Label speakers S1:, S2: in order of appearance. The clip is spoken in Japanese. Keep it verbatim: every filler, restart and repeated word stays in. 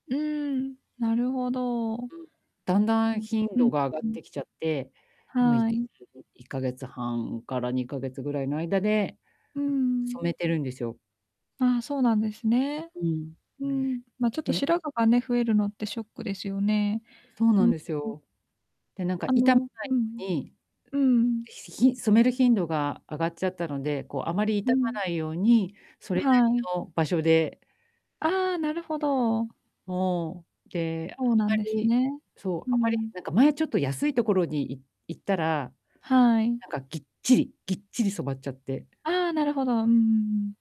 S1: うーん、なるほど。う
S2: うん。だんだん
S1: ん
S2: 頻
S1: うん
S2: 度が上がっ
S1: うん。
S2: てきちゃって、今、い
S1: はい。
S2: いっかげつはんからにかげつぐらいの間で、
S1: うーん。
S2: 染めてるんですよ。
S1: ああ、そうなんですね。
S2: うん。
S1: うん。ま、ちょっと
S2: で
S1: 白髪がね、増えるのってショックですよね。
S2: そうな
S1: う
S2: ん
S1: ん。
S2: です
S1: うん。
S2: よ。で、なんか
S1: あ
S2: 痛ま
S1: の、
S2: ない
S1: うん、
S2: のに、
S1: うんうん。
S2: ひしひん染める頻度が上がっちゃったので、こうあまり
S1: う
S2: 傷ま
S1: ん。
S2: ないように、そ
S1: あ、
S2: れなり
S1: はい。
S2: の場所で
S1: ああ、なるほど。
S2: もう。で、あん
S1: ほうなんです
S2: まり
S1: ね。
S2: そう、
S1: う
S2: あまり
S1: ん。
S2: なんか前ちょっと安い所にい行ったら、
S1: はい。
S2: なんかぎっちりぎっちり染まっちゃって。
S1: ああ、なるほど。うんうんうん。